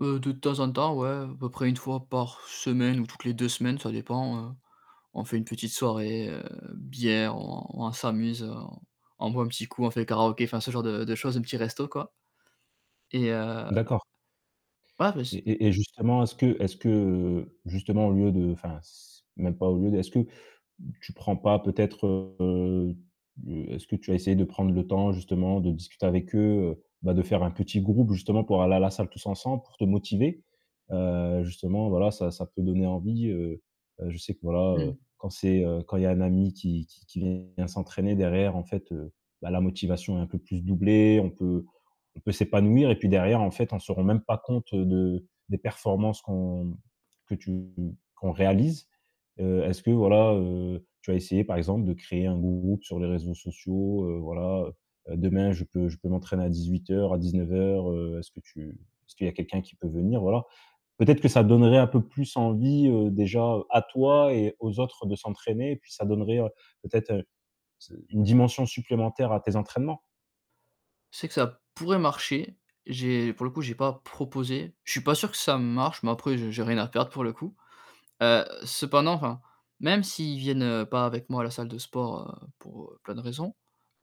Heu, de temps en temps, ouais, à peu près 1 fois par semaine ou toutes les 2 semaines, ça dépend, heu, on fait une petite soirée, heu, bière, on on s'amuse, on on boit un petit coup, on fait karaoké, enfin, ce genre de de choses, un petit resto, quoi et et heu, ah D'accord. bah, Et c'est, mmh. et et justement, est-ce que est-ce que, heu, justement, au lieu de, enfin, c même pas au lieu de, est-ce que tu prends pas peut-être, heu, est-ce que tu as essayé de prendre le temps justement de discuter avec eux, heu, bah, de faire un petit groupe, justement, pour aller à la salle tous ensemble, pour te motiver, heu, justement, voilà, ça ça peut donner envie, heu, je sais que, voilà, heu, Mmh. quand c'est, heu, quand il y un ami qui qui qui vient s'entraîner derrière, en fait, bah, la motivation est un peu plus doublée, on peut on peut s'épanouir et puis, derrière, en fait, on se rend même pas compte, heu, de des performances qu'on, mmh, que tu qu'on réalise, heu, est-ce que, voilà, heu, tu as essayé, par exemple, de créer un groupe sur les réseaux sociaux? Heu, voilà, heu heu: «Demain je peux je peux m'entraîner à 18:00, à 19:00, heu, est-ce que tu est-ce qu'il y a quelqu'un qui peut venir?» voilà. Peut-être que ça donnerait un peu plus envie, heu, déjà, à toi et aux autres de s'entraîner puis ça donnerait peut-être ce une dimension supplémentaire à tes entraînements. C'est que ça pourrait marcher. J'ai, pour le coup, j'ai pas proposé. Je pas sûr que ça marche, mais après, j'ai j'ai rien à perdre pour le coup, heu, cependant, enfin, même s'ils viennent pas avec moi à la salle de sport, heu, pour heu, plein de raisons,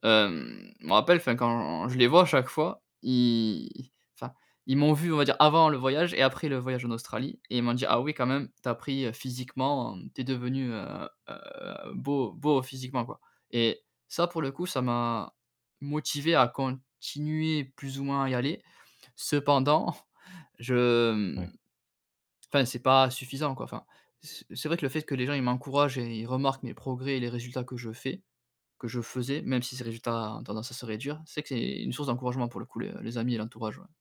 hem, je me rappelle, enfin, quand je les vois à chaque fois, ils, enfin, ils m'ont vu, on va dire, avant le voyage et après le voyage en Australie et ils m'ont dit: «Ah oui, quand même, tu as pris physiquement, tu es devenu, heu heu, beau beau physiquement, quoi». Et ça, pour le coup, ça m'a motivé à continuer plus ou moins à y aller. Cependant je, hem, Ouais. enfin, c'est pas suffisant, quoi. Enfin, c'est c'est vrai que le fait que les gens, ils m'encouragent et ils remarquent mes progrès et les résultats que je fais que je faisais même si ces résultats ont tendance à se réduire, c'est que, c'est une source d'encouragement, pour le coup, les amis et l'entourage, ouais.